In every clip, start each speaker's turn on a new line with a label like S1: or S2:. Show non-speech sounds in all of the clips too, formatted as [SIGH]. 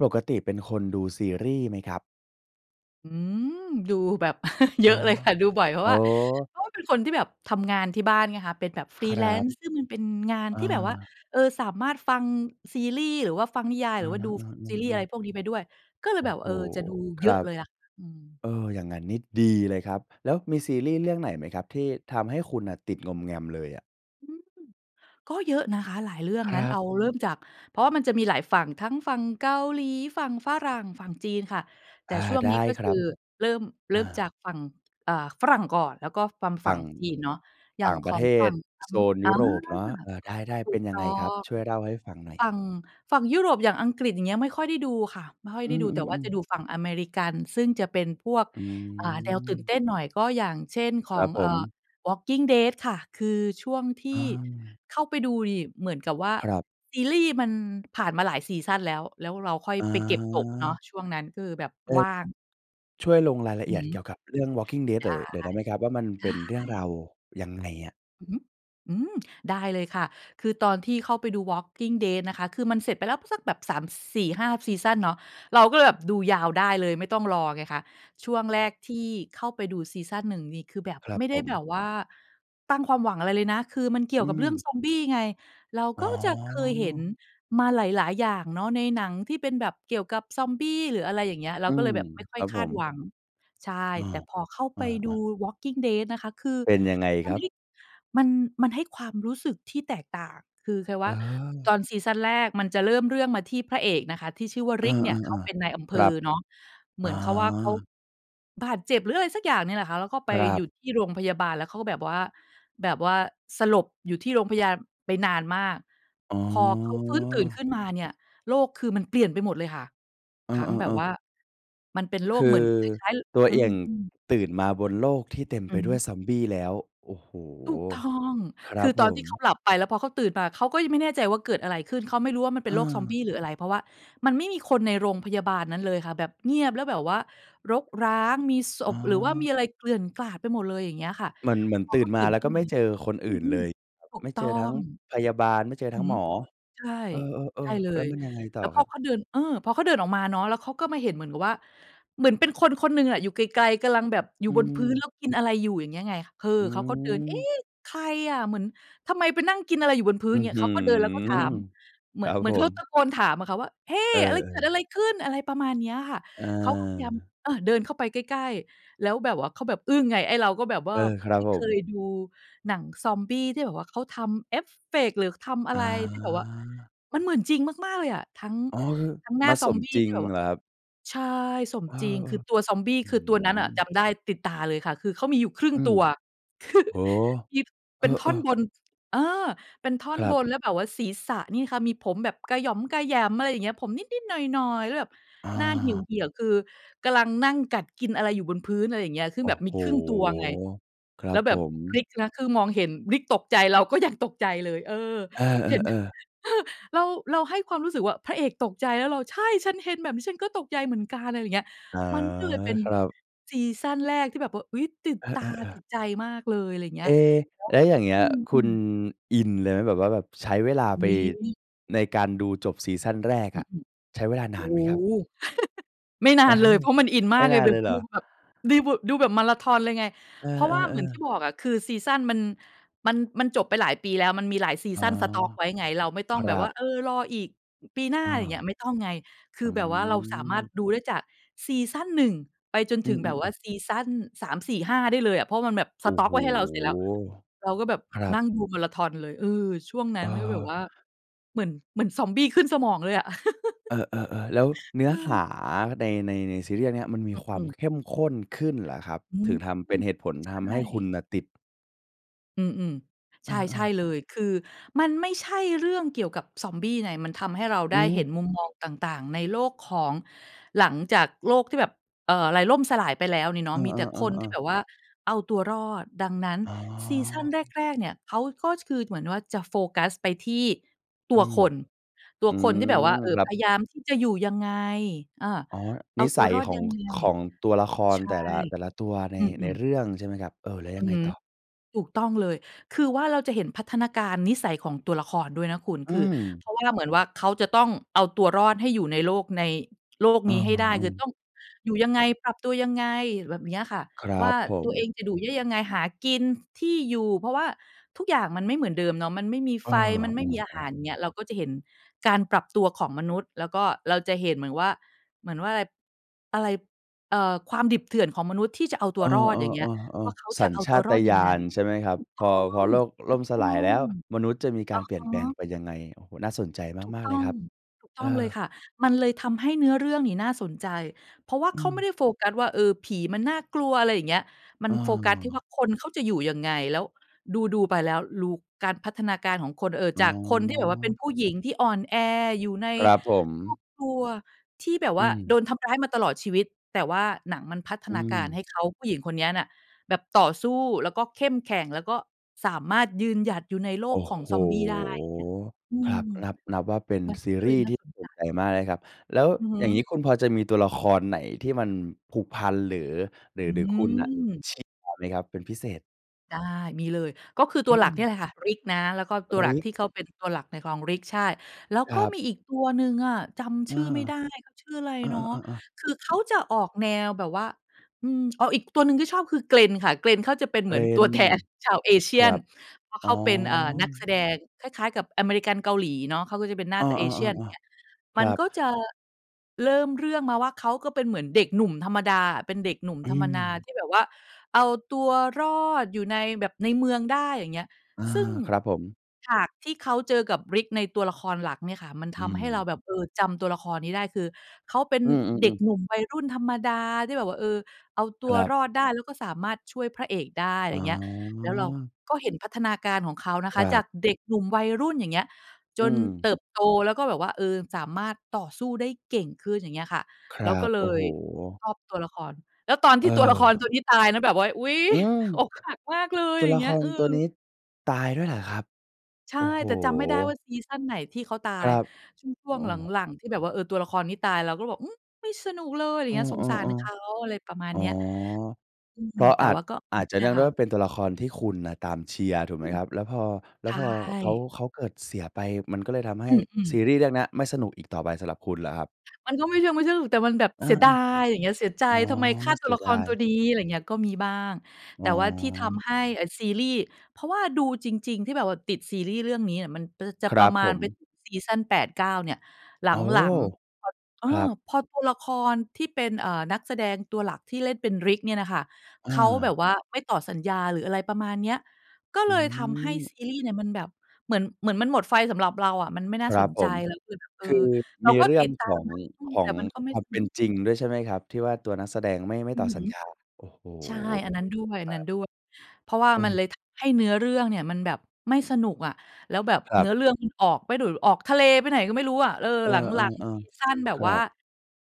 S1: ปกติเป็นคนดูซีรีส์ไหมครับ?
S2: อืม ดูแบบ [CHUCKLES] เย
S1: อ
S2: อ
S1: ๋อ
S2: ะเลยค่ะ ดูบ่อย เพร
S1: โ
S2: า
S1: อ
S2: ะ
S1: ้
S2: ว่า เพราะว่าเป็นคนที่แบบทำงานที่บ้านไงคะ เป็นแบบ
S1: ครับ
S2: Freelance ซึ่งมันเป็นงาน
S1: อ
S2: ที่แบบว่า
S1: า
S2: เออ สามารถฟังซีรีส์ หรือว่าฟังนิยาย
S1: อ
S2: ห
S1: า
S2: รือว่าดู ฟ ซีรีส์ อะ
S1: ๆ
S2: ไร
S1: ๆ ๆ
S2: พวกนี้ไปด้วย ก็เล
S1: โ
S2: ย
S1: อ
S2: แบ
S1: ้
S2: บ
S1: โฮ
S2: เออ จะดู
S1: ค
S2: เย
S1: ร
S2: อะ
S1: ับ
S2: เลยล่ะค่ะ อืม
S1: เออ อย่างงั้นนี่ดีเลยครับ แล้วมีซีรีส์เรื่องไหนไหมครับ? ที่ทำให้คุณน่ะติดงอมแงมเลยอะ?
S2: อืม ก็เยอะนะคะหลายเรื่อง
S1: ค
S2: ง
S1: ร
S2: ั้น
S1: ั
S2: เอ
S1: บ
S2: าเริ่มจาก เพราะว่ามันจะมีหลายฝั่ง ทั้งฝั่งเกาหลี ฝั่งฝรั่ง ฝั่งจีนค่ะ แต
S1: อ
S2: ่
S1: า
S2: ช่วง
S1: ได
S2: นี้
S1: ้
S2: ก็
S1: ค
S2: ค
S1: รั
S2: ื
S1: บ
S2: อเริ่ม เร
S1: อ
S2: ิ่
S1: า
S2: มจากฝั่ง อ่า ฝรั่งก่อน แล้วก็ฟัง ฝ
S1: ฝ
S2: ั
S1: ั
S2: ่ง
S1: ่ง
S2: จีนเนาะ อย่
S1: ต
S2: า
S1: ่
S2: ง
S1: าง
S2: ข
S1: ประ
S2: อ
S1: เ
S2: ง
S1: ท
S2: ฝั
S1: ศ
S2: ่งท
S1: โซน
S2: ำ อ
S1: ย
S2: า
S1: ุโรปเนาะ เออ ได้
S2: ถ
S1: ๆ เ
S2: ู
S1: ป็
S2: ก
S1: นย
S2: ต
S1: ัง
S2: ้
S1: ไ
S2: อ
S1: งครับ?
S2: ง
S1: ช่วยเล่าให้ฟังหน่อ
S2: ฝ
S1: ย
S2: ั่ง ฝั่งยุโรป อย่างอังกฤษ อย่างเงี้ย ไม่ค่อยได้ดูค่ะ ไม่ค่อย
S1: อื
S2: ได้ดู แต่ว่า
S1: ม
S2: จะ
S1: ๆ ๆ
S2: ดูฝั่งอเมริกัน ซึ่งจะเป็นพวก
S1: อื
S2: อ่า แนวตื่นเต
S1: ม
S2: ้นหน่อย ก็อย่างเช่นข
S1: คร
S2: อ
S1: ั
S2: ง
S1: บผ
S2: เอ่อ
S1: ม
S2: Walking Dead ค่ะ คือช่วงที
S1: อ
S2: ่
S1: า
S2: เข้าไปดูนี่เหมือนกับว่า
S1: ครับ
S2: ซีรีส์มันผ่านมาหลายซีซันแล้ว แล้วเราค่อยไปเก็บตกเนาะ
S1: อา
S2: ช่วงนั้นก็คือแบบ
S1: เอ
S2: ว
S1: อ
S2: ่าง
S1: ช่วยลงรายละ
S2: อ
S1: เ
S2: ื
S1: อี
S2: อ
S1: ยด
S2: ฮ
S1: เ
S2: ึ
S1: กี่ยวกับเรื่อง Walking Dead
S2: ได
S1: หน่อ
S2: ้
S1: ย หน่อยได้ไหมครับว่า มันเป็นเรื
S2: ไ
S1: ่
S2: ด
S1: องร
S2: ้
S1: าวยังไงอะ?
S2: อือฮึ อืม ได้เลยค่ะ คือตอนที่เข้าไปดู Walking Dead นะคะ คือมันเสร็จไปแล้วสักแบบ 3 4 5 ซีซันเนาะ เราก็เลยแบบดูยาวได้เลย ไม่ต้องรอไงคะ ช่วง
S1: ค
S2: แร
S1: รับ
S2: กที่เข้าไปดูซีซัน 1 นี่ คือแบบ
S1: ครับ
S2: ไม่ไ
S1: ผ
S2: ด้แบ
S1: ม
S2: บว่า ตั้งความหวังอะไรเลยนะ คือมันเกี่
S1: อ
S2: ย
S1: ื
S2: วกับเรื่อง
S1: ม
S2: ซอมบี้ไง เรา
S1: อ
S2: ก
S1: ๋
S2: ็
S1: อ
S2: จะเคยเห็นมาหลาย ๆ อย่างเนาะ ในหนังที่เป็นแบบเกี่ยวกับซอมบี้ หรืออะไรอย่างเงี้ย เร
S1: อ
S2: า
S1: ื
S2: ก็เล
S1: ม
S2: ยแบบไม่ค
S1: ค
S2: ่อ
S1: ร
S2: ย
S1: ับ
S2: ค
S1: ผ
S2: าด
S1: ม
S2: หวัง ใช่
S1: เออ
S2: แต่พอเข้า
S1: เ
S2: ไ
S1: อ
S2: ปดู
S1: อ ๆ
S2: Walking Dead นะคะ คือ
S1: เป็นยังไง
S2: มั
S1: คร
S2: น
S1: ั
S2: ใ
S1: บ?
S2: ห้ มัน มันให้ความรู้สึกที่แตกต่าง คือคล้ายว
S1: อ
S2: ่า ต
S1: า
S2: อนซีซันแรกมันจะเริ่มเรื่องมาที่พระเอกนะคะที่ชื่อว่า
S1: อา
S2: Rick เนี่ย เขาเป็นนา
S1: ๆ
S2: ยอำเ
S1: ๆ
S2: ภ
S1: ครั
S2: อ
S1: บ
S2: เนาะ เห
S1: อ
S2: มื
S1: า
S2: อนเขาว่าเขา บาดเจ็บ หรืออะไรสักอย่างเนี่ยแหละค่ะ แล้วก็ไป
S1: ครั
S2: อยู
S1: บ
S2: ่ที่โรงพยาบาล แล้วเขาก็แบบว่า แบบว่าสลบอยู่ที่โรงพยาน ไปนานมาก
S1: อ๋
S2: พอเขาฟื้นตื่น
S1: อ
S2: ขึ้นมาเนี่ย โลกคือมันเปลี่ยนไปหมดเลยค่ะ
S1: เอ
S2: ทั้งแบบ
S1: อ
S2: ว
S1: ๆ ๆ
S2: ่า มันเป็นโล
S1: ค
S2: ก
S1: ื
S2: เหมื
S1: อ
S2: อนคล้าย
S1: ตัว
S2: ๆ อื
S1: เอก
S2: ม ๆ
S1: ตื่นมาบนโลกที่เต็มไ
S2: อ
S1: ป
S2: ือฮ
S1: ด้
S2: ึ
S1: วยซอมบี้แล้ว โอ้โฮ
S2: ถูกต้อง
S1: คร
S2: ค
S1: ั
S2: ื
S1: บ
S2: อต
S1: ผ
S2: อนที
S1: ม
S2: ่เขาหลับไป แล้วพอเขาตื่นมาเขาก็ยังไม่แน่ใจว่าเกิดอะไรขึ้น เขาไม่รู้ว่ามันเป
S1: อ
S2: ็
S1: ื
S2: นโลกซอม
S1: อ
S2: บี้หรืออะไร เพราะว่ามันไม่มีคนในโรงพยาบาลนั้นเลยค่ะ แบบเงียบ แล้วแบบว่ารกร้าง มีศ
S1: อ๋
S2: พ หรือว่ามี
S1: อ
S2: อะไรเกลื่อนกลาดไปหมดเลย อย่างเงี้ยค่ะ
S1: เหมือน เหมือน
S2: พอ
S1: ตื่
S2: เข
S1: น
S2: าต
S1: ม
S2: ื
S1: า
S2: ่น
S1: แล้
S2: ข
S1: ว
S2: ึ้
S1: ก็
S2: น
S1: ไ
S2: ม
S1: ม
S2: า
S1: ่เจอคน
S2: อ
S1: อื
S2: ื
S1: ่นเล
S2: ม
S1: ย แบบ
S2: ๆ ถู
S1: ไ
S2: ก
S1: ม่
S2: ต
S1: เจ
S2: ้อ
S1: อทั้ง
S2: ง
S1: พยาบาล ไม่เจอ
S2: อื
S1: ทั
S2: อ
S1: ้ง
S2: ฮึ
S1: หมอ
S2: ใช่
S1: เอ
S2: ใช่
S1: อ ๆ
S2: เล
S1: ๆ แล้
S2: ย
S1: วมันยังไงต
S2: แ
S1: ่
S2: ล
S1: อ
S2: ้วพ
S1: คร
S2: อ
S1: ับ?
S2: เขาเดิน เออ พอเขาเดินออกมาเนาะ แล้วเขาก็มาเห็นเหมือนกับว่า เหมือนเป็นคนคนหนึ่งอะ อยู่ไกล ๆ กำลังแบบอยู
S1: อ
S2: ่
S1: ื
S2: บนพื้นแ
S1: ม
S2: ล้วกินอะไรอยู่ อย่างเงี้ยไง คือ
S1: อื
S2: เขาก็เดิน "เอ๊
S1: ม
S2: ะ ใครอะ? เหมือน ทำไมไปนั่งกินอะไรอยู่บนพื้
S1: อ
S2: น?"
S1: ื้อ
S2: เงี้
S1: ฮ
S2: ย เ
S1: ื
S2: ข
S1: อ
S2: าก็เดินแล้วก็ถาม เหม
S1: ค
S2: ือ
S1: รั
S2: น
S1: บ
S2: เหมื
S1: ผ
S2: อนเขาต
S1: ม
S2: ะโกนถามอะค่ะว่า "เฮ้!
S1: เอ
S2: อะไรเกิ
S1: อ
S2: ด อ
S1: ๆ
S2: ะไรขึ้น?" อะไรประมาณนี้อะค่ะ
S1: อ
S2: เขาก็พยายาม
S1: า
S2: เออ เดินเข้าไปใกล้ ๆ แล้วแบบว่าเขาแบบอึ้งไง ไอ้เราก็แบบว
S1: เ
S2: ่
S1: อ
S2: า
S1: อ ครั
S2: ไม
S1: บ
S2: ่
S1: ผ
S2: เค
S1: ม
S2: ยดูหนังซอมบี้ที่แบบว่าเขาทำเอฟเฟกต์ หรือทำอะ
S1: อ
S2: ไรที่แบบว่า
S1: า
S2: มันเหมือนจริงมาก ๆ เลยอะ ทั้ง
S1: อ๋อ คือ
S2: ทั้งหน้
S1: ม
S2: า
S1: า
S2: ซ
S1: ส
S2: อม
S1: ม
S2: บี้
S1: จริ
S2: ที
S1: ง
S2: ่แบบว่
S1: เ
S2: า
S1: หรอครับ?
S2: ใช่ สม
S1: เออ
S2: จริง คือตัวซอมบี้
S1: ๆ อื้
S2: คื
S1: อ
S2: อตัวนั้น
S1: ฮ
S2: น่
S1: ื
S2: ะจ
S1: อ
S2: ำได้ติดตาเลยค่ะ คือเขามีอยู่ครึ่ง
S1: อื
S2: ตั
S1: ม
S2: ว
S1: โอ้โฮ
S2: [CHUCKLES] มี
S1: เอ
S2: เป็นท่อน
S1: อ ๆ
S2: บน เออ เป็นท่อ
S1: ค
S2: น
S1: รั
S2: บ
S1: บ
S2: นแล้วแบบว่าศีรษะนี่ค่ะ มีผมแบบกระหย่อมกระแหยม อะไรอย่างเงี้ย ผมนิด ๆ หน่อย ๆ แล้วแบบ
S1: อ
S2: หน้าเห
S1: า
S2: ี่ยว ๆ คือกำลังนั่งกัดกินอะไรอยู่บนพื้น อะไรอย่างเงี้ย ซึ่
S1: โ
S2: ง
S1: อ้
S2: แบบม
S1: โ
S2: ี
S1: ฮ
S2: ครึ่งตัวไง
S1: คร
S2: แ
S1: ั
S2: ล้
S1: บ
S2: วแบ
S1: ผ
S2: บ
S1: ม
S2: Rick นะ คือมองเห็น Rick ตกใจ เราก็ยังตกใจเลย เออ
S1: เอ
S2: เห็น
S1: อ ๆ ๆ
S2: [CHUCKLES] เรา เราให้ความรู้สึกว่า พระเอกตกใจแล้วเรา ใช่ ฉันเห็นแบบนี้ฉันก็ตกใจเหมือนกัน อะไรอย่างเงี้ย
S1: อา
S2: มันก็เลยเป็น
S1: ครับ
S2: ซีซันแรกที่แบบว่า อุ๊ย ติด
S1: เอ
S2: ตา
S1: อ
S2: ติ
S1: ๆ ๆ
S2: ดใจมากเลย อะไรอย่างเงี
S1: เ
S2: ้
S1: อ
S2: ย
S1: ๊
S2: แ
S1: แล้วอย่างเงี
S2: ล้ว อ
S1: ้ย ค
S2: ื
S1: ุณ
S2: ม ๆ
S1: อินเลยไหม? แบบว่าแบบใช้เวลา
S2: อุ
S1: ไ
S2: ๊
S1: ป
S2: ย
S1: ในการดูจบซีซันแรก
S2: อื
S1: อะ
S2: ม
S1: ใช้เวลา
S2: ๆ โ
S1: น
S2: อ้
S1: านไหมครับ?
S2: โฮ [CHUCKLES] ไม่น
S1: อ
S2: า
S1: ื
S2: น
S1: อฮ
S2: เล
S1: ึ
S2: ย เพราะมันอิน
S1: ไ
S2: ม
S1: ม
S2: า
S1: ่
S2: กเ
S1: น
S2: ลย
S1: าน
S2: แบ
S1: เล
S2: บ
S1: ยเหร
S2: ด
S1: อ
S2: ูแบบ ดีบท ดูแบบมาราธอนเลยไง
S1: เอ
S2: เพราะว่าเหมือน
S1: อ
S2: ที่
S1: ๆ
S2: บ
S1: ๆ
S2: อกอะ คือซีซันมัน มัน มันจบไปหลายปีแล้ว มันมีหลายซี
S1: อ๋
S2: ซ
S1: อ
S2: ันสต๊อกไว้ไง เราไม่ต้อ
S1: ค
S2: งแ
S1: ร
S2: บ
S1: ั
S2: บว่า
S1: บ
S2: เออ รออีกปีหน้า
S1: อา
S2: ไรอย่างเงี้ย ไม่ต้องไง ค
S1: อ
S2: ือ
S1: ื
S2: แบบว่าเราสามารถ
S1: ม
S2: ดูได้จากซีซัน 1 ไปจน
S1: อื
S2: ถึงแบบว่า
S1: อ ๆ ๆ
S2: ซีซัน 3 4 5 ได้เลยอะ เพราะมันแบบส
S1: โอ้
S2: ต๊อ
S1: โฮ!
S2: กไว้ให้เราเสร็จแล้ว เราก็แบบ
S1: ครั
S2: นั่
S1: บ
S2: งดูมาราธอนเลย เออ ช่วงนั้
S1: เ
S2: นก็แบบว
S1: ออ
S2: ่า เหมือน เหมือนซอมบี้ขึ้นสมองเลยอะ
S1: เ
S2: [CHUCKLES]
S1: ออ ๆ ๆ แล้วเนื้อ
S2: อื
S1: ห
S2: อ
S1: าใน ใน ในซีรีส์อันเนี่ย มันมีคว
S2: อ
S1: า
S2: ื
S1: ม
S2: ม
S1: เข้มข้นขึ้นเหรอครับ
S2: อื
S1: ถึง
S2: ม
S1: ทำเป็นเหตุผล
S2: ใช
S1: ทำให
S2: ่
S1: ้คุณน่ะติด?
S2: อืม ๆ ใ
S1: อ
S2: ช
S1: า
S2: ่
S1: ๆ
S2: ๆ เลย คือมันไม่ใช่เรื่องเกี่ยวกับซอมบี้ไง มันทำให้เรา
S1: อื
S2: ได้เห็
S1: ม
S2: นมุมมองต่าง ๆ ในโลกของ หลังจากโลกที่แบบ เออ อะไรล่มสลายไปแล้วนี่เนา
S1: เอ
S2: ะ มีแต่คน
S1: อ
S2: ที่
S1: ๆ ๆ
S2: แ
S1: ๆ
S2: บบว่าเอาตัวรอด ดังนั้น
S1: อ๋อ
S2: ซีซันแรก ๆ เนี่ย เขาก็คือเหมือนว่าจะโฟกัสไปที่ตั
S1: อื
S2: ว
S1: ม
S2: คน ตัว
S1: อื
S2: คนที่แบบว่
S1: ม
S2: า เออ
S1: ครั
S2: พย
S1: บ
S2: ายามที่จะอยู่ยังไง อา
S1: อ๋อ
S2: เอ
S1: น
S2: า
S1: ิ
S2: ต
S1: ส
S2: ัว
S1: ัย
S2: รอด
S1: ขอ
S2: ย
S1: ง
S2: ังไง
S1: ของตัวละคร
S2: ใช่
S1: แต่ละ แต่ละตัวใน
S2: อื
S1: ใน
S2: ม ๆ
S1: เรื่องใช่ไหมครับ เออ แล้ว
S2: อ
S1: ย
S2: ื
S1: ัง
S2: อ
S1: ไง
S2: ฮึ
S1: ต่อ?
S2: ถูกต้องเลย คือว่าเราจะเห็นพัฒนาการนิสัยของตัวละครด้วยนะคุณ
S1: อื
S2: คือเ
S1: ม
S2: พราะว่าเหมือนว่า เขาจะต้องเอาตัวรอดให้อยู่ในโลก ในโลก
S1: เอ
S2: นี้ให้ได้ คือต
S1: อ ๆ
S2: ้องอยู่ยังไง ปรับตัวยังไง แบบเนี้ยค่ะ
S1: คร
S2: ว
S1: ั
S2: ่า
S1: บผ
S2: ตัวเอ
S1: ม
S2: งจะอยู่ ได้ยังไง หากิน ที่อยู่ เพราะว่าทุกอย่างมันไม่เหมือนเดิมเนาะ มันไม่มี
S1: เอ
S2: ไ
S1: อ
S2: ฟ มันไม่มีอาหา
S1: ๆ
S2: ร
S1: ๆ
S2: เงี้ย เราก็จะเห็นการปรับตัวของมนุษย์ แล้วก็เราจะเห็นเหมือนว่า เหมือนว่าไร อะไร เออ ความดิบเถื่อนของมนุษย์ ที่จะเอาตั
S1: เอ
S2: ว
S1: อ
S2: รอดอย่างเงี้ย ว่า
S1: ๆ
S2: เข
S1: ๆ
S2: า
S1: ๆ ส
S2: จะ
S1: ัญ
S2: เอา
S1: ช
S2: ตั
S1: า
S2: วร
S1: ต
S2: อด
S1: ญ
S2: ยังไ
S1: า
S2: ง
S1: ณใช่ไหมครั
S2: ถ
S1: บ?
S2: ูกต
S1: พ
S2: ้
S1: อ
S2: อ
S1: พอ
S2: ง
S1: โลก
S2: ถ
S1: ล่
S2: ู
S1: ม
S2: ก
S1: ส
S2: ต้อ
S1: ลายแล
S2: ง
S1: ้ว มนุษย์จะมีการ
S2: อะ
S1: เปลี่
S2: ฮ
S1: ยนแปลง
S2: ะ
S1: ไปยังไง? โอ้โฮ น่าสนใจ
S2: ถูก
S1: มาก
S2: ต
S1: ๆ เล
S2: ้
S1: ย
S2: อง
S1: ครับ
S2: ถูกต
S1: เอ
S2: ้องเล
S1: อ
S2: ยค่ะ มันเลยทำให้เนื้อเรื่องนี้น่าสนใจ เพราะว่า
S1: อื
S2: เขาไม่
S1: ม
S2: ได้โฟกัสว่า เออ ผีมันน่ากลัวอะไรอย่างเงี้ย มั
S1: เ
S2: นโฟกัสที่ว่
S1: ออ
S2: า คนเขาจะอยู่ยังไง แล้วดู ๆ ไปแล้ว รูการพัฒนาการของคน เออ
S1: อ๋
S2: จ
S1: อ
S2: ากคนที่แบบว่าเป็นผู้หญิงที่อ่อนแอ อยู่ใน
S1: ครับผ
S2: คร
S1: ม
S2: อบครัวที่แบบ
S1: อ
S2: ว
S1: ื
S2: ่า โด
S1: ม
S2: นทำร้ายมาตลอดชีวิต แต่ว่าหนังมันพัฒ
S1: อื
S2: นาการให้
S1: ม
S2: เขา ผู้หญิงคนเนี้ยน่ะ แบบต่อสู้ แล้วก็เข้มแข็ง แล้วก็สามารถยืนหยัดอยู่ในโล
S1: โอ้
S2: กขอ
S1: โ
S2: ง
S1: ฮ
S2: ซอมบี้ได้ อย่างเงี้ย อื
S1: คร
S2: ม
S1: ับ นับ นับว่าเป็น
S2: มัน
S1: ซี
S2: ก็
S1: ร
S2: เล
S1: ี
S2: ย
S1: ส์
S2: น่
S1: ท
S2: า
S1: ี่
S2: สน
S1: ส
S2: ใ
S1: น
S2: จ
S1: ใจมากเลยครับ แล้ว
S2: อือฮ
S1: อย่าง
S2: ึ
S1: นี้คุณพอจะมีตัวละครไหนที่มันผูกพัน หรือ หรือ
S2: อ
S1: หรือคุณน่ะ
S2: ือ
S1: [UNINTELLIGIBLE] ไหมครับเป็นพิเศษ?
S2: ได้ มีเลย ก็คือ
S1: อ
S2: ตั
S1: ื
S2: วหลักเนี
S1: ม
S2: ่ยแหละค่ะ Rick นะ แล้วก็ตัวหลัก
S1: Rick
S2: ที่เขาเป็นตัวหลักในของ Rick ใช่ แล้ว
S1: ค
S2: ก
S1: ร
S2: ็
S1: ับ
S2: มีอีกตัวหนึ่งอะ จำ
S1: อ
S2: ช
S1: า
S2: ื่อไม่ได้ เขาชื่ออะไร
S1: อ
S2: เนาะ
S1: า ๆ
S2: คือเขา
S1: ๆ ๆ
S2: จะออกแนวแบบว่า อืม อ๋อ อีกตัวหนึ่งก็ชอบ คือ Glenn ค่ะ Glenn เขาจะเป็นเหมือนตั
S1: Glenn
S2: วแทนชาว
S1: คร
S2: Asian
S1: ับ
S2: เพราะ
S1: อ๋
S2: เข
S1: อ
S2: าเป็น เอ่อ นักแสดง คล้าย ๆ กับอเมริกัน-เกาหลีเนาะ เขาก็จะเป็นหน้
S1: เอ
S2: า
S1: อ
S2: ต Asian เงี้ย
S1: ๆ ๆ ๆ ค
S2: มั
S1: รั
S2: น
S1: บ
S2: ก็จะ เริ่มเรื่องมาว่า เขาก็เป็นเหมือนเด็กหนุ่มธรรมดาอะ เป็นเด็กหนุ่ม
S1: อ
S2: ธร
S1: ื
S2: รมนา
S1: ม
S2: ที่แบบว่าเอาตัวรอดอยู่ในแบบ ในเมืองได้ อย่างเงี้ย
S1: อา
S2: ซึ่ง
S1: ครับผม
S2: ฉากที่เขาเจอกับ Rick ในตัวละครหลักเนี่ยค่ะ มัน
S1: อื
S2: ทำให้เรา
S1: ม
S2: แบบ เออ จำตัวละครนี้ได้ คือเขาเป็น
S1: อื
S2: เด็
S1: ม ๆ
S2: ก
S1: ๆ
S2: หนุ่มวัยรุ่นธรรมดาที่แบบว่า เออ เอาตั
S1: ค
S2: ว
S1: รับ
S2: รอดได้ แล้วก็สามารถช่วยพระเอกได้ อะไร
S1: อ๋
S2: เงี้ย แล้วเรา
S1: อ
S2: ก็เห็นพัฒนาการของเขานะ
S1: ค
S2: คะ
S1: รั
S2: จา
S1: บ
S2: กเด็กหนุ่มวัยรุ่น อย่างเงี้ย
S1: อ
S2: จ
S1: ื
S2: น
S1: ม
S2: เติบโต แล้วก็แบบว่า เออ สามารถต่อสู้ได้เก่งขึ้น อย่างเงี้ยค่ะ
S1: คร
S2: เร
S1: ั
S2: าก็
S1: บ
S2: เล
S1: โอ้โ
S2: ย
S1: ฮ
S2: ชอบตัวละคร แล้วตอน
S1: เ
S2: ที่ ตัวละคร ตัว
S1: ออ
S2: นี้ตายนะแบบว่า อุ๊ย
S1: อืม
S2: อกหักมากเลย
S1: ตัว
S2: อย่
S1: ล
S2: า
S1: ะ
S2: งเง
S1: ค
S2: ี้ย
S1: ร
S2: อื
S1: ตัวนี
S2: ม
S1: ้ตายด้วยเหรอครับ?
S2: ใช่
S1: โอ้โฮ
S2: แต่จำไม่ได้ว่าซีซันไหนที่เขาตา
S1: คร
S2: ย
S1: ับ
S2: ยิ่งช
S1: เ
S2: ่
S1: อ
S2: วงห
S1: อ
S2: ลัง ๆ ที่แบบว่า เออ ตัวละครนี้ตาย เราก็แบบ อืม ไม่สนุกเลย ไรอย
S1: เ
S2: ่
S1: อ
S2: า
S1: อ
S2: งเงี้ย สงสารเขา
S1: ๆ
S2: อะไรประมา
S1: ๆ
S2: ณ
S1: อ๋อ
S2: เนี้ย อื
S1: เ
S2: ม
S1: พราะ
S2: แต
S1: อ
S2: ่
S1: าจ
S2: ว่าก็
S1: อ
S2: อื
S1: าจ
S2: ม
S1: จะ
S2: เนี
S1: เน
S2: ่
S1: ื
S2: ย
S1: ่องด
S2: ค
S1: ้ว
S2: ่
S1: ย
S2: ะ
S1: ว่าเป็นตัวละครที่คุณน่ะตามเชียร์ถูก
S2: อ
S1: ไห
S2: ื
S1: ม
S2: ม
S1: ครับ? แล้วพอ แล
S2: ใ
S1: ้
S2: ช
S1: วพอ
S2: ่
S1: เขา เขาเกิดเสียไป มันก็เลยทำให
S2: อื
S1: ้
S2: ม
S1: ซ
S2: ๆ
S1: ีรีส์เรื่องเนี้ยไม่สนุกอีกต่อไป สำหรับคุณเหรอครับ?
S2: มันก็ไม่เชิงไม่สนุก แต่มันแบบ
S1: อา
S2: เสียดาย อย่างเงี้ย เสียใจ
S1: ๆ อ๋อ
S2: ทำไมฆ่าต
S1: เ
S2: ั
S1: ส
S2: ว
S1: ี
S2: ล
S1: ย
S2: ะค
S1: ด
S2: ร
S1: า
S2: ตัว
S1: ย
S2: นี้ อะไรอย่างเงี้ย ก็มีบ้าง
S1: อ
S2: แต
S1: ๋
S2: ่ว่าที่ท
S1: อ
S2: ำให้ เอ่อ ซีรีส์ เพราะว่าดูจริง ๆ ที่แบบว่าติดซีรีส์เรื่องนี้อะ มันเตอ จะ
S1: คร
S2: ปร
S1: ั
S2: ะ
S1: บ
S2: มา
S1: ผ
S2: ณเป็น
S1: ม
S2: ซีซัน 8-9 เนี่ย หล
S1: โอ้โฮ
S2: ัง ๆ พอ เอ
S1: ค
S2: อ
S1: รับ
S2: พอตัวละครที่เป็น เอ่อ นักแสดงตัวหลักที่เล่นเป็น Rick เนี่ยน่ะค่ะ
S1: อ
S2: เขาแบ
S1: า
S2: บว่าไม่ต่อสัญญา หรืออะไรประมาณเนี้ย ก็
S1: อ
S2: เ
S1: ื
S2: ลยทำให้ซ
S1: ม
S2: ีรีส์เนี่ยมันแบบ เหมือน เหมือนมันหมดไฟสำหรับเราอะ มันไม่น่
S1: ค
S2: า
S1: ร
S2: ส
S1: ับ
S2: น
S1: ผ
S2: ใจ
S1: ม
S2: แล้วอึด อ
S1: ค
S2: ื
S1: ื
S2: อ
S1: อ
S2: เรา
S1: มี
S2: ก็
S1: เรื่
S2: ต
S1: อ
S2: ิ
S1: ง
S2: ดตา
S1: ข
S2: ม
S1: อง
S2: นะ อือ
S1: ขอ
S2: แต่
S1: ง
S2: มันก็ไม่
S1: ควา
S2: ส
S1: มเป
S2: นุ
S1: ็
S2: ก
S1: นจริงด้วยใช่ไหมครับ? ที่ว่าตัวนักแสดงไม่ ไม่
S2: อื
S1: ต่อ
S2: อ
S1: สั
S2: ฮ
S1: ญ
S2: ึ
S1: ญา โอ้โฮ
S2: ใช่ อันนั้นด้ว
S1: ครับ
S2: ย ๆ เพราะว่า
S1: เ
S2: มัน
S1: ออ
S2: เลยทำให้เนื้อเรื่องเนี่ยมันแบบไม่สนุกอะ แล้วแบบ
S1: คร
S2: เ
S1: ั
S2: น
S1: บ
S2: ื้อเรื่องมันออกไปดู ออกทะเลไปไหนก็ไม่รู้อะ เออ
S1: เอ
S2: หลัง
S1: อ
S2: ๆ ซี
S1: ๆ
S2: ซันแบ
S1: ๆ ค
S2: บ
S1: ร
S2: ว
S1: ั
S2: ่า
S1: บ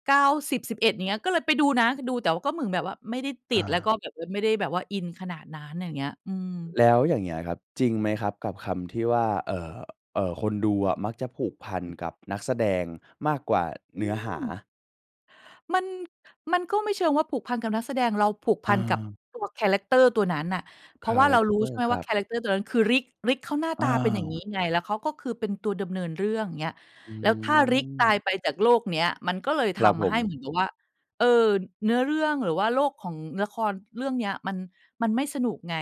S2: 9 10 11 อย่างเงี้ย ก็เลยไปดูนะ ดูแต่ก็เหมือนแบบว่าไม่ได้ติ
S1: อ
S2: ด แล้วก็
S1: า
S2: แบบ เออ ไม่ได้แบบว่าอินขนาดนั้น อย่างเงี้ย อืม
S1: แล้วอย่างเงี้ยครับ จริง
S2: อื
S1: ไห
S2: อ
S1: ม
S2: ฮ
S1: ค
S2: ึ
S1: รับ? กับคำที่ว่า เอ่อ เอ่อ คนดูอะมักจะผูกพัน
S2: อืม
S1: กับนักแสดงมากกว่า
S2: อื
S1: เนื้อหา
S2: ม มัน มันก็ไม่เชิงว่าผูกพันกับนักแสดง เราผูกพันกับ
S1: เออ
S2: ตัวแครักเตอร์ตัวนั้นน่ะ เพ
S1: ค
S2: ราะ
S1: า
S2: ว่า
S1: แร
S2: เรา
S1: กเ
S2: ร
S1: ต
S2: ู้
S1: อ
S2: ใช
S1: ร
S2: ่
S1: ์
S2: ไหม
S1: ค
S2: ว
S1: ร
S2: ่า
S1: ั
S2: แ
S1: บ
S2: ครักเตอร์ตัวนั้นคือ Rick Rick เขาหน้า
S1: อ้
S2: ต
S1: า
S2: าเป็นอย่าง
S1: ว
S2: งี้ไง แล้วเขา ก็คือเป็นตัวดำเนินเรื่อง เงี้ย
S1: อื
S2: แล้วถ้า Rick ตา
S1: ม
S2: ยไปจากโลกเนี้ย มันก็เลยท
S1: ครับผ
S2: ำให้
S1: ม
S2: เหมือนกับว่า เออ เนื้อเรื่อง หรือว่าโลกของละครเรื่องเนี้ย มัน มันไม่สนุกไง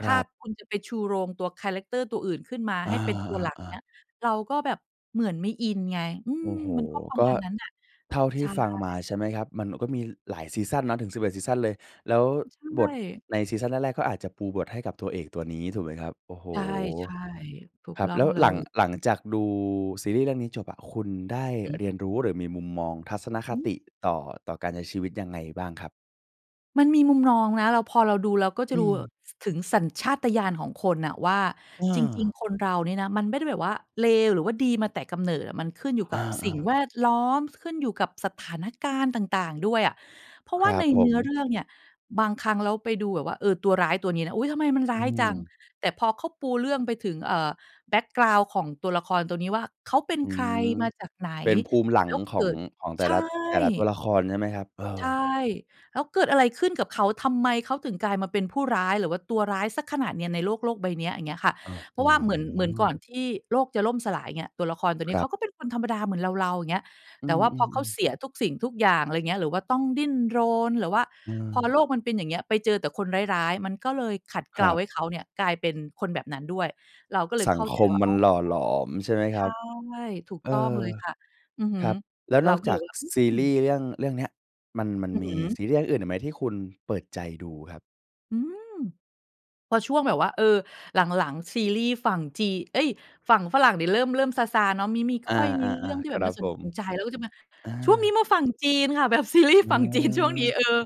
S1: ค
S2: ถ
S1: ร
S2: ้า
S1: ับ
S2: คุณจะไปชูโรงตัวแครักเตอร์ตัวอื่นขึ้นมา
S1: อ
S2: ให้เป็นตัวหลัก
S1: า
S2: เงี
S1: ๆ
S2: ้
S1: ๆ
S2: ย เราก็แบบเหมือนไม่อินไง อื
S1: โอ
S2: ม
S1: ้โฮ
S2: มันก็ประ
S1: ก
S2: ม
S1: ็
S2: าณนั้นน่ะ
S1: เท่าท
S2: ใ
S1: ี
S2: ช
S1: ่
S2: ่
S1: ฟังมา ใช่ไหมครับ มันก็มีหลายซีซันเนาะ ถึง 11 ซีซันเลย แล้ว
S2: อืม ใช
S1: บท
S2: ่
S1: ในซีซันแรก ๆ ก็อาจจะปูบทให้กับตัวเอกตัวนี้ถูกไหมครับ? โอ้โฮ
S2: ใช่ ๆ ถูก
S1: ครั
S2: ต
S1: บ
S2: ้
S1: แ
S2: อง
S1: ล้ว
S2: เล
S1: หลัง หลัง
S2: ย
S1: จากดูซีรีส์เรื่องนี้จบอะ คุณได้
S2: อือฮึ
S1: เรียนรู้ หรือมีมุมมองทัศนค
S2: อื
S1: ต
S2: ม
S1: ิ ต่อ ต่อการใช้ชีวิตยังไงบ้างครับ?
S2: มันมีมุมมองนะ เรา พอเราดู เราก็
S1: อ
S2: จะ
S1: ื
S2: รู เอ่
S1: ม
S2: อ ถึงสัญชาตญาณของคนน่ะว่า
S1: อ
S2: จริง
S1: า
S2: ๆ คนเราเนี่ยนะ มันไม่ได้แบบว่าเลวหรือว่าดีมาแต่กำเนิดอะ มันขึ้นอยู่
S1: อ
S2: กับส
S1: า
S2: ิ่ง
S1: ๆ
S2: แวดล้อม ขึ้นอยู่กับสถานการณ์ต่าง ๆ ด้วยอะ เพราะ
S1: ค
S2: ว
S1: ร
S2: ่า
S1: ั
S2: ใน
S1: บผ
S2: เนื
S1: ม
S2: ้อเรื่องเนี่ย บางครั้งแล้วไปดูแบบว่า เออ ตัวร้ายตัวนี้นะ อุ๊ย ทำไมมันร้
S1: อื
S2: ายจัง
S1: อ
S2: แต่พอเขาปูเรื่องไปถึง เอ่อ แบ็กกราวนด์ของตัวละครตัวนี้ว่า เขาเป็น
S1: อื
S2: ใคร
S1: ม
S2: มาจากไหน
S1: เป็นภูมิหลั
S2: แล
S1: ง
S2: ้ว
S1: ข
S2: เกิ
S1: อง
S2: ด
S1: ของแต
S2: ใช
S1: ่
S2: ่
S1: ละ แต่ละตัวละครใช่ไหมครับ? เอ
S2: ใ
S1: อ
S2: ช่ แล้วเกิดอะไรขึ้นกับเขา ทำไมเขาถึงกลายมาเป็นผู้ร้าย หรือว่าตัวร้ายเสียขนาดเนี้ย ในโลก โลกใบเนี้ย อย่างเงี้ยค่ะ
S1: อื้อ
S2: เพ
S1: ฮ
S2: รา
S1: ื
S2: ะว่าเหมือน เหมือนก
S1: อ
S2: ่อนที่โลกจะล่มสลายเงี้ย ตัวละครตัวน
S1: ค
S2: ี้
S1: ร
S2: เ
S1: ั
S2: ข
S1: บ
S2: าก็เป็นคนธรรมดาเหมือนเรา ๆ อย่างเงี้ย
S1: อื
S2: แต่ว่าพอ
S1: ม
S2: เขา
S1: ๆ ๆ
S2: เสียทุกสิ่งทุกอย่าง อะไรเงี้ย หรือว่าต้องดิ้นรน หรือว่าพอ
S1: เออ
S2: โลกมันเป็นอย่างเงี้ย ไปเจอแต่คนร้าย ๆ มันก็เลยขัดเ
S1: ค
S2: กล
S1: ร
S2: า
S1: ับ
S2: ให้เขาเนี่ย กลายเป็นคนแบบนั้นด้วย เราก็เลย
S1: สั
S2: เข
S1: ง
S2: ้า
S1: ค
S2: ใจ
S1: ม
S2: ว่า
S1: มั
S2: อ๋
S1: น
S2: อ
S1: หล่อหลอมใช่ไหม
S2: ใ
S1: ค
S2: ช
S1: รั
S2: ่
S1: บ?
S2: ถูก
S1: เอ
S2: ต้อง
S1: อ
S2: เลยค่ะ อือฮึ
S1: ครับ แล้ว
S2: เ
S1: น
S2: รา
S1: อก
S2: ก็
S1: จ
S2: เล
S1: าก
S2: ยแบบ
S1: ซ
S2: ว่า
S1: ซี
S2: อือ อื
S1: รี
S2: ม
S1: ส์เรื่อง เรื่องเนี้ย มัน มัน
S2: อือ
S1: ม
S2: ฮ
S1: ี
S2: ึ
S1: ซีรีส์เรื่องอื่นอีกไหม ที่คุณเปิดใจดูครับ?
S2: อืม พอช่วงแบบว่า เออ หลัง ๆ ซีรีส์ฝั่งจี เอ๊ย ฝั่งฝรั่งนี่เริ่ม เริ่มซา ๆ เนาะ มิ มิ
S1: อา
S2: ค่อยมีเรื่อง
S1: ๆ
S2: ที
S1: ๆ
S2: ่
S1: ค
S2: แบ
S1: ร
S2: บ
S1: ั
S2: น่
S1: บ
S2: าส
S1: ผ
S2: น
S1: ม
S2: ใจแล้วก็จะมา
S1: อ
S2: ช่วงนี้
S1: า
S2: มาฝั่งจีนค่ะ แบบ ซีรีส์
S1: อื
S2: ฝั่งจีนช่
S1: ม
S2: วงนี้ เออ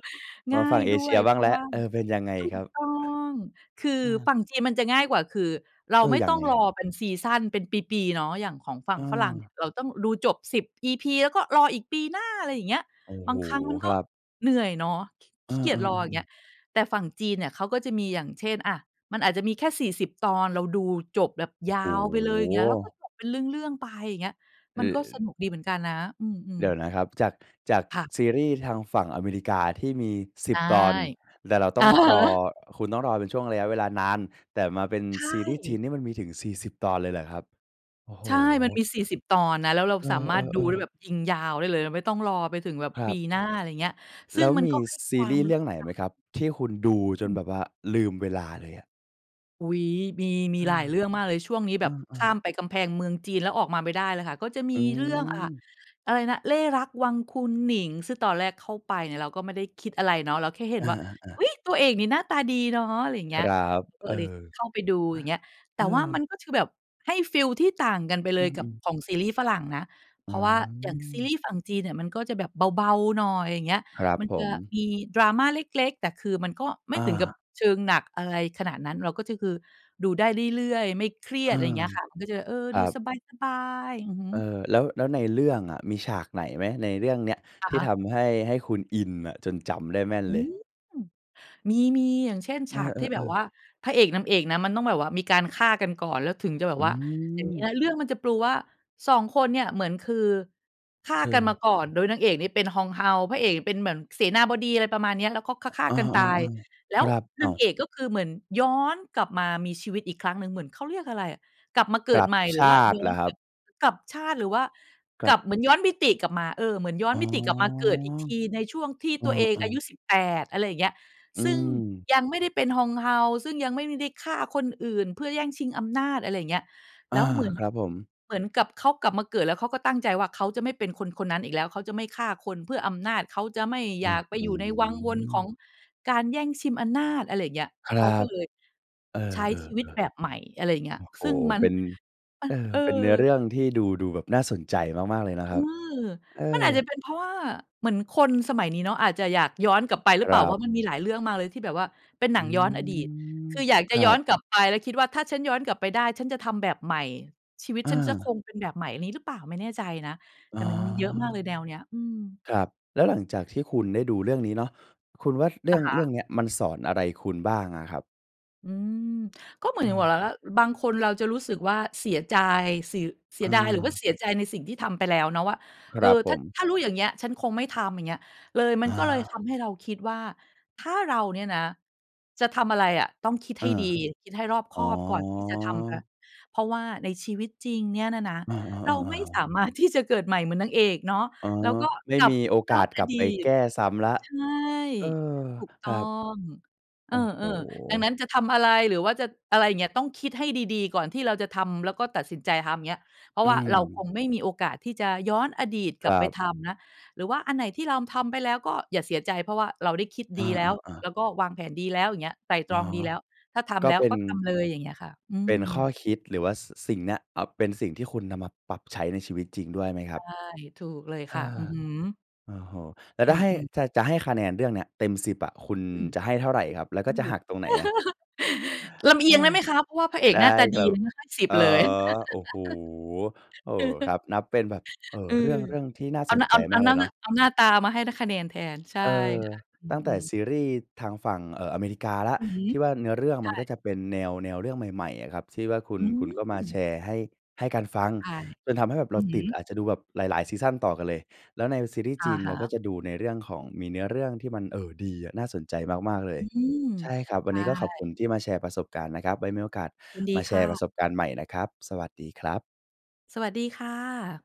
S1: ม
S2: ง่
S1: า
S2: า
S1: ฝั่
S2: ย
S1: งเอ
S2: ด
S1: เ
S2: ้
S1: ช
S2: ว
S1: ี
S2: ย
S1: ยบ
S2: เ
S1: ้า
S2: พ
S1: ง
S2: รา
S1: แล
S2: ะ
S1: ้ว
S2: ว่า
S1: เออ เป็นยังไง
S2: ถู
S1: ครั
S2: ก
S1: บ?
S2: ต้อง คือ
S1: เออ
S2: ฝั่งจีนมันจะง่ายกว่า คือเรา
S1: เอ
S2: ไ
S1: อ
S2: ม่
S1: ยั
S2: ต
S1: ง
S2: ้อ
S1: ไ
S2: ง
S1: ง
S2: ร
S1: ครั
S2: อ
S1: บ?
S2: เป็นซีซัน เป็นปี ๆ เนาะ อย่างของฝั่งฝรั่งเนี
S1: เออ
S2: ่ย เราต้องดูจบ 10 EP. แล้วก็รออีกปีหน้า ไรอย่างเงี้ย
S1: โอ้
S2: บ
S1: โฮ
S2: างครั้งมัน
S1: ค
S2: ก็
S1: รับ
S2: เหนื่อยเนาะ ขิ
S1: เ
S2: ข
S1: อ
S2: ี้เกีย
S1: อ
S2: จรอ อย่าง
S1: ๆ
S2: เ
S1: ๆ
S2: งี้
S1: ๆ
S2: ย แต่ฝั่งจีนเนี่ยเขาก็จะมี อย่างเช่น อะ มันอาจจะมีแค่ 40 ตอนเราดูจบแบบ
S1: โอ้
S2: ย
S1: โ
S2: าวไปเลย อย่างเงี้ย แล้วก็
S1: ฮ
S2: จบเป็นเรื่อง ๆ ไป อย่างเงี้ย
S1: เอ
S2: มัน
S1: อ
S2: ก็ส
S1: ๆ
S2: นุกดีเหมือนกันนะ อื
S1: เ
S2: ม
S1: ดี๋ยว
S2: ๆ
S1: นะครับ จาก จาก
S2: ค่ะ
S1: ซีรีส์ทางฝั่งอเมริกาที่มี ส
S2: ใ
S1: ิ
S2: ช
S1: บ
S2: ่
S1: ตอน แต่เราต
S2: อ
S1: ้
S2: ะ
S1: อง
S2: ฮ
S1: รอ
S2: ะ
S1: คุณต้องรอเป็นช่วงระยะเวลานาน แต่มาเป็น
S2: ใช
S1: ซีรีส์จี
S2: ่
S1: นนี่มันมีถึง 40 ตอนเลยเหรอครับ? โอ้โฮ
S2: ใช่ มันมี 40 ตอนนะ แล้วเรา
S1: เอ
S2: สามารถดู
S1: อ
S2: ได้แ
S1: ๆ
S2: บ
S1: ๆ
S2: บยิงยาวได้เลย ไม่ต้องรอไปถึงแบบ
S1: คร
S2: ป
S1: ั
S2: ี
S1: บ
S2: หน้า ไรอย่างเงี้ย ซ
S1: แ
S2: ึ
S1: ล
S2: ่
S1: ้
S2: ง
S1: ว
S2: มัน
S1: มี
S2: ก็ให้
S1: ซ
S2: ค
S1: ี
S2: วา
S1: รี
S2: ม
S1: ส์
S2: ร
S1: เร
S2: ู
S1: ื
S2: ้
S1: ่อง
S2: สึ
S1: ไห
S2: ก
S1: น
S2: ค
S1: ไ
S2: ่
S1: ห
S2: ะ
S1: มครับ ที่คุณดูจ
S2: อ
S1: นแ
S2: ืม
S1: บบว่าลืมเวลาเลยอะ?
S2: อุ๊ย มี มี
S1: อา
S2: หลายเรื่องมากเลย ช่วงนี้แ
S1: อ
S2: บ
S1: ื
S2: บข
S1: อ
S2: ้า
S1: ๆ
S2: มไปกำแพงเมืองจีน แล้วออกมาไม่ได้เลยค่ะ ก็จะมี
S1: อื
S2: เรื่อง อ่า
S1: อ
S2: อะไรนะ เล่ห์รักวังคุณหนิง ซึ่งตอนแรกเข้าไปเนี่ย เราก็ไม่ได้คิดอะไรเนาะ เราแค่เห็
S1: อ
S2: นว่า
S1: า
S2: อ
S1: ๆ ๆ
S2: ุ๊ย! ตัวเอกนี่หน้าตาดีเนาะ อะไรอย่างเง
S1: ค
S2: ี้ย
S1: รับ
S2: ก็
S1: เออ
S2: เลย
S1: อะ
S2: เข้าไปดู อย่างเงี้ย แต
S1: เอ
S2: ่ว่า
S1: อ
S2: มันก็คือแบบให้ฟีลที่ต่างกันไปเ
S1: อ
S2: ล
S1: ื
S2: ยกับ
S1: ม ๆ
S2: ของซีรีส์ฝรั่งนะ เพ
S1: อื
S2: ราะว่าอย่างซีร
S1: ม
S2: ีส์ฝั่งจีนเนี่ย มันก็จะแบบเบา ๆ หน่อย อย่างเงี้ย
S1: ครับ
S2: มัน
S1: ผ
S2: จะ
S1: ม
S2: มี drama เล็ก ๆ แต่คือมันก็ไม่
S1: อ
S2: ถึงกับ
S1: า
S2: เชิงหนักอะไรขนาดนั้น เราก็จะ คือดูได้เรื่อย ๆ ไม่เครี
S1: อ
S2: ย
S1: า
S2: ด ไรอย่างเงี้ยค่ะ มันก็จะ เออ
S1: ค
S2: ด
S1: ร
S2: ู
S1: ับ
S2: สบาย ๆ อือฮ
S1: เออ
S2: ึ
S1: แล้ว แล้วในเรื่องอะมีฉากไหนไหม? ในเรื่องเนี้ย
S2: อ
S1: ท
S2: ะ
S1: ี่
S2: ฮะ
S1: ทำให้ ให้คุณอินอะจนจำได้แม่น
S2: อื
S1: เล
S2: ม
S1: ย
S2: มี ๆ อย่างเช่น
S1: เ
S2: ฉ
S1: อ
S2: ากที่แบบ
S1: อ
S2: ว
S1: ๆ ๆ
S2: ่าพระเอกนางเอกนะ มันต้องแบบว่ามีการฆ่ากันก่อน แล้วถึงจะแบ
S1: อ
S2: บ
S1: ื
S2: ว่า อย่างงี้น
S1: อ
S2: ะ เรื่องมันจะปูว่า 2 คนเนี่ยเหมือนคือฆ่า
S1: คื
S2: กัน
S1: อ
S2: มาก่อน โดยนางเอกเนี่ยเป็นฮองเฮา พระเอกเป็นเหมือนเสนาบดี อะไรประมาณเนี้ย แล้วก็ฆ
S1: อ
S2: ่า
S1: เอ
S2: ๆ กันตาย
S1: อ ๆ
S2: แ
S1: ๆ
S2: ล
S1: ค
S2: ้ว
S1: รับ อ
S2: น
S1: ้า
S2: าง
S1: ว!
S2: เอกก็คือเหมือนย้อนกลับมามีชีวิตอีกครั้งหนึ่ง เหมือนเขาเรียกอะไรอะ กลับมาเก
S1: ก
S2: ิ
S1: ล
S2: ด
S1: ับ
S2: ใหม่ ห
S1: ช
S2: รือว่า
S1: าต
S2: ย
S1: ิ
S2: ้
S1: เ
S2: อ
S1: หร
S2: น
S1: อคร
S2: แ
S1: ั
S2: บ
S1: บ?
S2: บกลับชาติ หรือว่า
S1: กล
S2: กล
S1: ั
S2: ั
S1: บ
S2: บ เหมือนย้อนมิติกลับมา เออ เหมือนย้อ
S1: อ
S2: น
S1: ๋อ
S2: มิติกลับมาเกิดอีกทีในช่วงที่
S1: เอ
S2: ตัวเอง
S1: อ
S2: อายุ
S1: ๆ
S2: 18 อะไรอย่างเงี้ย
S1: อื
S2: ซึ่ง
S1: ม
S2: ยังไม่ได้เป็นฮองเฮา ซึ่งยังไม่ได้ฆ่าคนอื่นเพื่อแย่งชิงอำนาจ อะไรอย่างเงี้ย
S1: อ
S2: แล
S1: า
S2: ้วเหมือน
S1: ครับผม
S2: เหมือนกับเขากลับมาเกิด แล้วเขาก็ตั้งใจว่า เขาจะไม่เป็นคนคนนั้นอีกแล้ว เขาจะไม่ฆ่าคนเพื่ออำนาจ เขาจะไม่
S1: อ
S2: อย
S1: ื้
S2: า
S1: อ
S2: กไป
S1: ฮ
S2: อ
S1: ื
S2: ยู่ในวังวนของ
S1: อ
S2: การแย่งชิมอํำนาจ อะไรอย่างเงี้ย
S1: ค
S2: เ
S1: รั
S2: ขาก็
S1: บ
S2: เลย
S1: เออ
S2: ใช้ชีวิตแบบใหม่ อะไรอย่างเงี้ย
S1: ๆ ๆ โอ
S2: ซ
S1: ้
S2: ึ่ง
S1: โฮ
S2: มั
S1: เ
S2: น
S1: ป็น
S2: มั
S1: เอ
S2: น
S1: อ
S2: เอ
S1: เป็นเนื้อเร
S2: อ
S1: ื่องที่ดู ดูแบบน่าสนใจมาก ๆ เลยนะ
S2: อ
S1: ค
S2: ื
S1: รับ
S2: ม
S1: เอ
S2: มัน
S1: อ
S2: อาจจะเป็นเพราะว่าเหมือนคนสมัยนี้เนาะ อาจจะอยากย้อนกลับไป หรื
S1: ค
S2: อเป
S1: ร
S2: ล่า
S1: ั
S2: ว
S1: บ
S2: ่ามันมีหลายเรื่องมากเลยที่แบบว่าเป็นห
S1: อ
S2: นั
S1: ื
S2: งย้อนอดีต
S1: ม
S2: คืออยาก
S1: ค
S2: จะ
S1: รั
S2: ย้อ
S1: บ
S2: นกลับไปแล้วคิดว่า "ถ้าฉันย้อนกลับไปได้ ฉันจะทำแบบใหม่ ชีวิต
S1: อ
S2: ฉันจะค
S1: า
S2: งเป็นแบบใหม่" อันนี้หรือเปล่า ไม่แน่ใจนะ
S1: อ
S2: แ
S1: ๋
S2: ต่
S1: อ
S2: มันมีเยอะมากเลยแนวเนี้ย อืม
S1: ครับ แล้วหลังจากที่คุณได้ดูเรื่องนี้เนาะ คุณว่าเรื
S2: อ
S1: ่อ
S2: ะ
S1: ง
S2: ฮ
S1: เรื่อ
S2: ะ
S1: งเนี้ย มันสอนอะไรคุณบ้างอะครับ?
S2: อืม ก็เหมือน
S1: อ
S2: กับว่ะ
S1: า
S2: หล่าล่า บางคนเราจะรู้สึกว่า เสียใจ เสีย เสี
S1: อ
S2: ยดาย หรือว่า
S1: า
S2: เสียใจในสิ่งที่ทำไปแล้วเนาะ ว่า
S1: ค
S2: เอ
S1: ร
S2: อ
S1: ับผ
S2: ถ้า
S1: ม
S2: ถ้ารู้อย่างเงี้ย ฉันคงไม่ทำ อย่างเงี้ย เลย มั
S1: อ
S2: นก็เลยท
S1: า
S2: ำให้เราคิดว่า ถ้าเราเนี่ยนะจะทำอะไรอะต้องคิด
S1: เอ
S2: ให
S1: อ
S2: ้ดี คิดให้รอบค
S1: อ๋
S2: อ
S1: อ
S2: บก่อนที่จะทำนะ เพราะว่าในชีวิตจริงเนี่ยน่ะนะ
S1: เออ
S2: เราไม่ส
S1: ๆ ๆ
S2: ามารถ ที่จะ เกิดใหม่เหมือนนางเอกเนาะ
S1: อ๋อ
S2: แล้วก็
S1: ไม่
S2: กลั
S1: ม
S2: บ
S1: ีโอ
S2: ย
S1: ก
S2: ้อ
S1: า
S2: น
S1: ส
S2: อ
S1: กลับ
S2: ดี
S1: ไป
S2: ต
S1: แก้ซ้ำแล้ว
S2: ใช่
S1: เออ
S2: ถูกต
S1: ค
S2: ้
S1: ร
S2: อ
S1: ับ
S2: ง เ
S1: โ
S2: อ
S1: อ้โฮ
S2: อ ๆ ดังนั้นจะทำอะไรหรือว่าจะ อะไรอย่างเงี้ย ต้องคิดให้ดี ๆ ก่อนที่เราจะทำ แล้วก็ตัดสินใจทำ อย่างเงี้ย เพรา
S1: อ
S2: ะ
S1: ื
S2: ว่าเรา คง
S1: ม
S2: ไม่มีโอกาสที่จะย้อนอดีตก
S1: ค
S2: ล
S1: ร
S2: ับไ
S1: ั
S2: ป
S1: บ
S2: ทำ นะ หรือว่าอันไหนที่รามทำไปแล้วก็อย่าเสียใจ เพราะว่าเราได้คิด
S1: อ
S2: ดีแล้ว
S1: า ๆ ๆ
S2: แล้วก็วางแผนดีแล้ว อย่างเงี้ย ไตร่ต
S1: อ๋อ
S2: รองดีแล้ว ถ้าท
S1: ก
S2: ำ
S1: ็
S2: แล้
S1: เ
S2: ว
S1: ป็
S2: ก
S1: น
S2: ็ทำเลย อย่างเงี้ยค่ะ อื
S1: เป็
S2: ม
S1: นข้อคิดหรือว่า ส สิ่งเนี้ย อะ เป็นสิ่งที่คุณนำมาปรับใช้ในชีวิตจริงด้วยไหมค
S2: ใ
S1: ร
S2: ช
S1: ั
S2: ่
S1: บ?
S2: ถูกเลย
S1: เอ
S2: ค่ะ
S1: อ
S2: อือฮึ
S1: โอ้โฮ แล้ว
S2: อ
S1: ถ้าให้
S2: ืม ๆ
S1: จะ จะให้คะแนนเรื่องนี้เต็ม 10 อะ คุณ
S2: อืม
S1: จะให้เท่าไรครับ แล้ว
S2: อ
S1: ก็
S2: ื
S1: จะ
S2: อ
S1: หักตรงไหนอะ?
S2: [LAUGHS] ลำเ
S1: เ
S2: อ
S1: อ
S2: ี
S1: อ
S2: ยงได้ไหมคะ? เพราะว่าพระเอ
S1: ไ
S2: ก
S1: ด้
S2: หน้าตา
S1: ค
S2: ด
S1: ร
S2: ี
S1: ับ
S2: เลยนะ ให้ 10
S1: อ๋อ
S2: เลย
S1: โอ้โฮ
S2: [LAUGHS]
S1: โอ้ ค
S2: [CHUCKLES]
S1: รับ นับเป็นแบบ เออ
S2: อื
S1: เรื่
S2: อ
S1: อง เรื่องที่น่า
S2: อั
S1: ส
S2: นน
S1: น
S2: ั้น
S1: ใจ
S2: อัน
S1: ม
S2: อั
S1: า
S2: น
S1: กเล
S2: นั้
S1: ย
S2: น
S1: เน
S2: น
S1: าะ
S2: ะ เอาหน้าตามาให้ได้คะแนนแทน ใช่
S1: เออ
S2: ค่ะ อื
S1: ตั้งแต่
S2: อ ๆ
S1: ซีรีส์ทางฝั่ง เออ อเมริกาละ
S2: อือฮึ
S1: ที่ว่า
S2: ใช
S1: เนื้อเรื่องมันก
S2: ่
S1: ็จะเป็นแนว แนวเรื่องใหม่ ๆ อะครับ ที่ว่าคุณ
S2: อื
S1: คุณก็มาแช
S2: ม
S1: ร์ให้ ให้กันฟัง
S2: ใช่
S1: จนทำให้แบบเ
S2: อ
S1: ร
S2: ื
S1: า
S2: อฮ
S1: ติด
S2: ึ
S1: อาจจะดูแบบหลาย ๆ ซีซันต่อกันเลย แล้วในซีรีส์
S2: อ
S1: จ
S2: ะ
S1: ีน
S2: ฮ
S1: เราก็
S2: ะ
S1: จะดูในเรื่องของมีเนื้อเรื่องที่มัน เออ ดีอะ น่าสนใจมาก ๆ เล
S2: อ
S1: ย
S2: ืม
S1: ใช่ครับ ว
S2: ใ
S1: ั
S2: ช
S1: นนี
S2: ่
S1: ้ก็ขอบคุณที่มาแชร์ประสบการณ์นะครับ ไว้มีโอกาส
S2: ยินด
S1: ม
S2: ี
S1: าแช
S2: ค่
S1: ร์ปร
S2: ะ
S1: ะสบการณ์ใหม่นะครับ สวัสดีครับ
S2: สวัสดีค่ะ